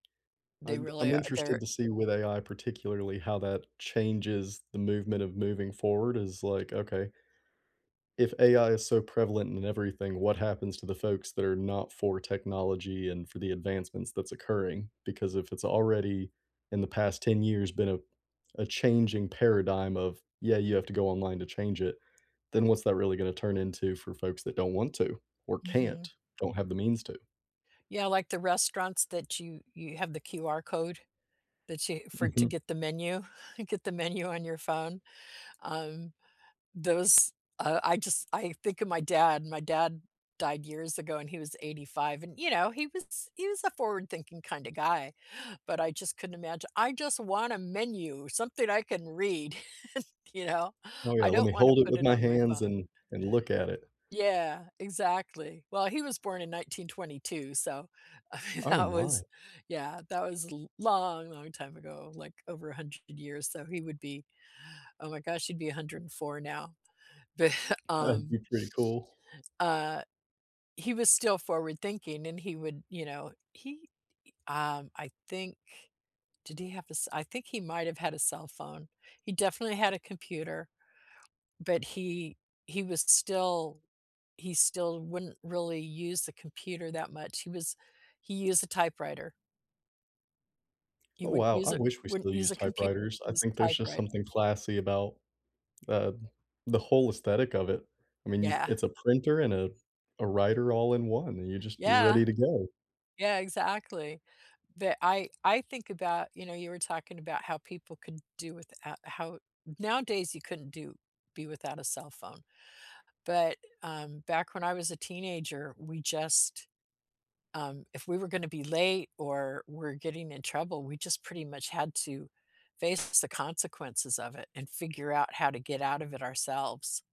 They I'm b really I'm a interested they're to see with AI, particularly, how that changes the movement of moving forward is like, okay if AI is so prevalent in everything, what happens to the folks that are not for technology and for the advancements that's occurring? Because if it's already, in the past 10 years been a a changing paradigm of, "Yeah, you have to go online to change it," then what's that really gonna turn into for folks that don't want to, or can't, Mhm. or have the means to? Yeah, like the restaurants that you you have the QR code, that you for to Mhm. get the menu get the menu on your phone. Um, those, uh I just I think of my dad, my dad died years ago and he was 85, and, you know, he was he was a forward-thinking kinda guy, but I just couldn't imagine "I just want a menu, something I can read." You know? Oh, yeah, "I "Let don't me want to hold it put with it my on my hands phone." and and look at it." Yeah, exactly. Well, he was born in 1922, so, I mean, Oh, that my. was, yeah, that was l long, long time ago, like over 100 years, so he would be, oh, my gosh, he'd be 104 now. But, That'd um be pretty cool. uh, he was still forward thinking and he would, you know, he i um, I think did he have a s I think might have had a cell phone. He definitely had a computer, but he he would s still he still wouldn't really use the computer that much, he was he used a typewriter. He Oh, wouldn't wow. use I it wish we wouldn't still use used a compu typewriters. I use think a there's just typewrite something classy about, uh, the whole aesthetic of it. I mean, you c Yeah. it's a printer and a a writer all in one, and you just you're Yeah. ready to go. Yeah, exactly. The I I think about, you know, you were talking about how people could do with a how nowadays you couldn't do be without a cell phone. But, um, back when I was a teenager, we just, um if we were gonna be late or we're getting in trouble, we just pretty much had to face the consequences of it and figure out how to get out of it ourselves.